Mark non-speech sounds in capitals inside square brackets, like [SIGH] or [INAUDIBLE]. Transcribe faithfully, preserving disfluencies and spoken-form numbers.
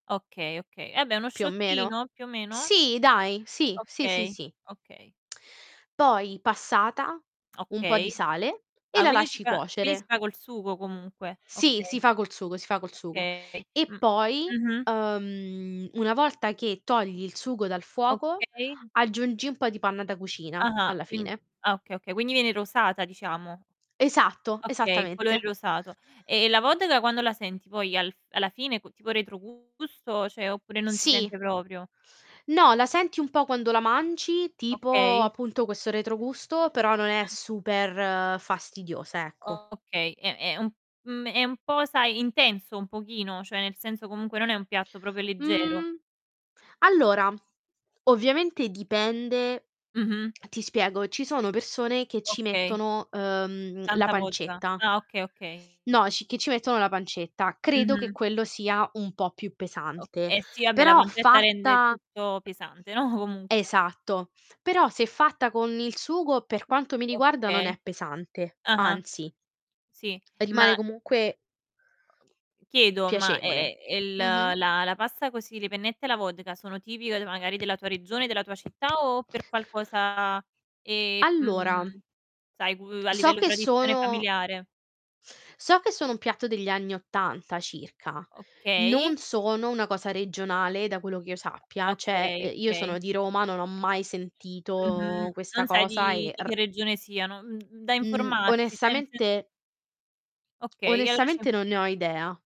Okay, okay. Eh abbè, uno Più o meno? shottino più o meno? Sì, dai. Sì. Sì, sì, Okay. sì. Okay. Poi passata, un po' di Okay. sale, e Ah, la quindi si lasci fa quindi si cuocere. fa col sugo, comunque. Sì, Okay. si fa col sugo, si fa col sugo. Okay. E Mh, poi, mh-mh. uhm, una volta che togli il sugo dal fuoco, Okay. aggiungi un po' di panna da cucina Ah-ah. alla Quind fine. ah okay, okay. Quindi viene rosata, diciamo. Esatto. Okay, il colore Esattamente. rosato. E la vodka quando la senti poi al f alla fine co tipo retrogusto, ceh, oppure non si Sì. sente proprio? No, la senti un po' quando la mangi, tipo, Okay. appunto, questo retrogusto, però non è [UNINTELLIGIBLE] super fastidiosa, ecco. Okay. È è un mhmm, è un po', sai, intenso un pochino, cioè nel senso comunque non è un piatto propio leggero. Mhmm, allora, ovviamente dipende, Mh-mh. ti spiego, ci sono persone che ci Okay. mettono, uhm, la Tanta vodka. pancetta. Ah, okay, okay. No, c che ci mettono la pancetta. Credo che Mh-mh. quello sia un po' più O pesante, eh sì, abbè, la però pancetta rende fatta tutto pesante, no, comunque. esatto. Però se è fatta con il sugo, per quanto mi riguarda non Okay. è pesante, Ah-ah. anzi Sì, rimane ma comunque chiedo, ma, piacevole. ehm, il la Mh-mh. la pasta così, le pennette alla vodka sono tipiche, uhm, magari della tua regione, della tua città o per qualcosa, ehm, Allora mhmm, sai, cu a so livello che tradizione sono familiare? so che sono un piatto degli anni ottanta circa, Okay. non sono una cosa regionale, da quello che io sappia. ceh, Okay, uhm, io sono okay. di Roma, non ho mai sentito Mh-mh. questa Non sai cosa di e di r che regione siano. Mhmm, da Mhmm, informarsi, ceh nel sen onestamente Okay, allora c'è un onestamente non ne ho idea.